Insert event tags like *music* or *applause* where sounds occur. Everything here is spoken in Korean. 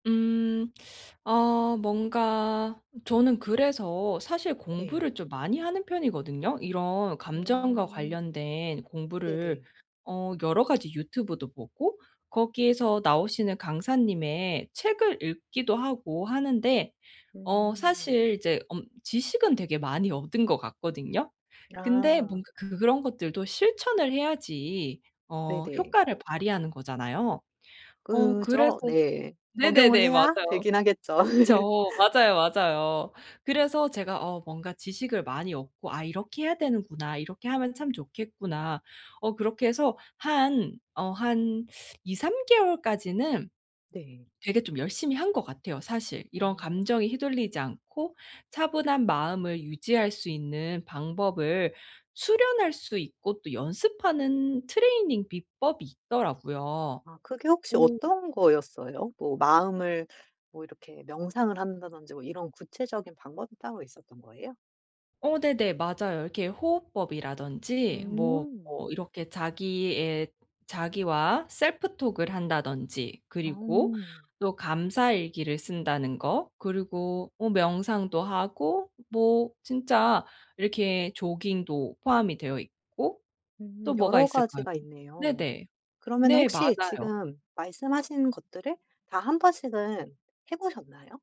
음 *sucks teeth* 어 뭔가 저는 그래서 사실 네. 공부를 좀 많이 하는 편이거든요. 이런 감정과 음. 관련된 공부를 네네. 어 여러 가지 유튜브도 보고 거기에서 나오시는 강사님의 책을 읽기도 하고 하는데 어 음. 사실 이제 엄 지식은 되게 많이 얻은 것 같거든요. 근데 아. 뭔가 그 그런 것들도 실천을 해야지 어 네네. 효과를 발휘하는 거잖아요. 어 그래서 그죠? 네. 적용을 네네네. 해야 맞아요. 되긴 하겠죠. *laughs* 그쵸. 맞아요, 맞아요. 그래서 제가 어 뭔가 지식을 많이 얻고 '아 이렇게 해야 되는구나, 이렇게 하면 참 좋겠구나.' 어 그렇게 해서 한, 어 한 *sucks teeth* 2, 3 개월까지는 네. 되게 좀 열심히 한 것 같아요 사실. 이런 어. 감정에 휘둘리지 않고 차분한 마음을 유지할 수 있는 방법을 수련할 수 있고 또 연습하는 트레이닝 비법이 있더라고요. 아 그게 혹시 오. 어떤 거였어요? 뭐 마음을 뭐 이렇게 명상을 한다든지 뭐 이런 구체적인 방법이 따로 있었던 거예요? 어 네네, 맞아요. 이렇게 호흡법이라든지 뭐 음. 뭐 이렇게 자기의 자기와 self talk을 한다든지 그리고 어. 또 감사 일기를 쓴다는 거. 그리고 뭐 명상도 하고 뭐 진짜 이렇게 조깅도 포함이 되어 있고 음 또 뭐가 여러 있을까요? 가지가 있네요. 네네. 그러면은 네, 혹시 맞아요. 지금 말씀하신 것들을 다 1 번씩은 해 보셨나요?